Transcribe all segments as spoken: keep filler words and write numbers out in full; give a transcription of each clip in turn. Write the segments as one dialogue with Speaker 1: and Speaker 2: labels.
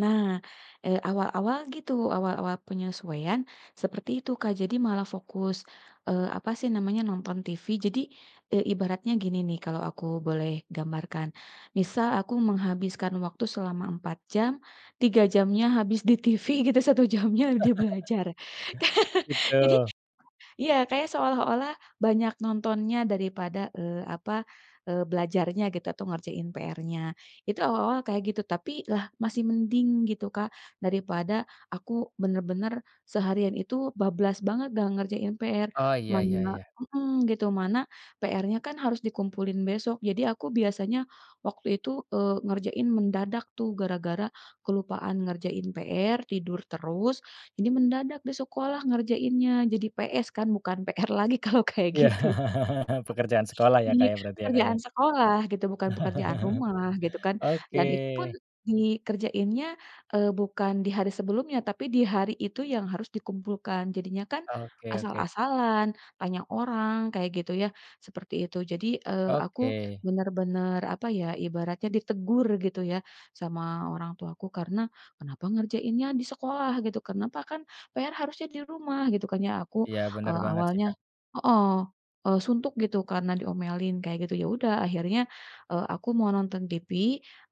Speaker 1: Nah, eee, awal-awal gitu, awal-awal penyesuaian, seperti itu Kak jadi malah fokus, eee, apa sih namanya, nonton TV jadi, eee, ibaratnya gini nih kalau aku boleh gambarkan, misal aku menghabiskan waktu selama empat jam, tiga jamnya habis di TV gitu satu jamnya di belajar, ka jadi
Speaker 2: Gitu.
Speaker 1: iya kayak seolah-olah banyak nontonnya daripada, eee, apa, eee, belajarnya gitu atau ngerjain PR-nya, itu awal-awal kayak gitu tapi lah masih mending gitu Kak, daripada aku bener-bener, seharian itu bablas banget nggak ngerjain PR,
Speaker 2: Oh iya iya
Speaker 1: mana
Speaker 2: iya.
Speaker 1: mhm, gitu mana PR-nya kan harus dikumpulin besok jadi aku biasanya, waktu itu, eee, ngerjain mendadak tuh gara-gara kelupaan ngerjain PR, tidur terus, ini mendadak di sekolah ngerjainnya, jadi PS kan, bukan PR lagi kalau kayak
Speaker 2: Iya,
Speaker 1: gitu.
Speaker 2: pekerjaan sekolah ya
Speaker 1: Iya,
Speaker 2: Kak ya, berarti ya Kak ya.
Speaker 1: pekerjaan sekolah gitu bukan pekerjaan rumah gitu kan, dan itu pun,
Speaker 2: Oke.
Speaker 1: dikerjainnya, eee, bukan di hari sebelumnya tapi di hari itu yang harus dikumpulkan, jadinya kan,
Speaker 2: Oke oke.
Speaker 1: asal-asalan, tanya orang kayak gitu ya, seperti itu. Jadi, eee, aku
Speaker 2: Oke.
Speaker 1: bener-bener, apa ya, ibaratnya ditegur gitu ya, sama orang tuaku karena kenapa ngerjainnya di sekolah gitu, kenapa kan PR harusnya di rumah gitu kan. Ya aku,
Speaker 2: Iya bener
Speaker 1: eee,
Speaker 2: banget sih
Speaker 1: awalnya
Speaker 2: Kak.
Speaker 1: heeh, eee, suntuk gitu karena diomelin kayak gitu, ya udah akhirnya, eee, aku mau nonton TV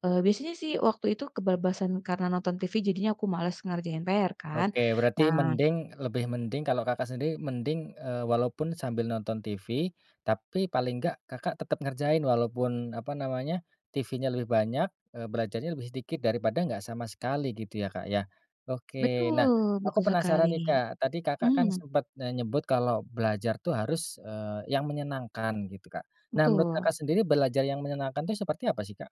Speaker 1: eee, biasanya sih waktu itu kebablasan karena nonton TV jadinya aku males ngerjain PR kan,
Speaker 2: Oke, berarti
Speaker 1: nah
Speaker 2: mending lebih mending kalau Kakak sendiri mending, eee, walaupun sambil nonton TV, tapi paling enggak Kakak tetep ngerjain walaupun, apa namanya, TV-nya lebih banyak, eee, belajarnya lebih sedikit daripada enggak sama sekali gitu ya Kak ya? Oke, nah
Speaker 1: Betul
Speaker 2: aku
Speaker 1: betul sekali,
Speaker 2: penasaran nih Kak tadi Kakak kan
Speaker 1: mmm.
Speaker 2: sempet nenyebut kalau belajar tuh harus, eee, yang menyenangkan gitu Kak, nah menurut
Speaker 1: Betul.
Speaker 2: Kakak sendiri belajar yang menyenangkan itu seperti apa sih Kak?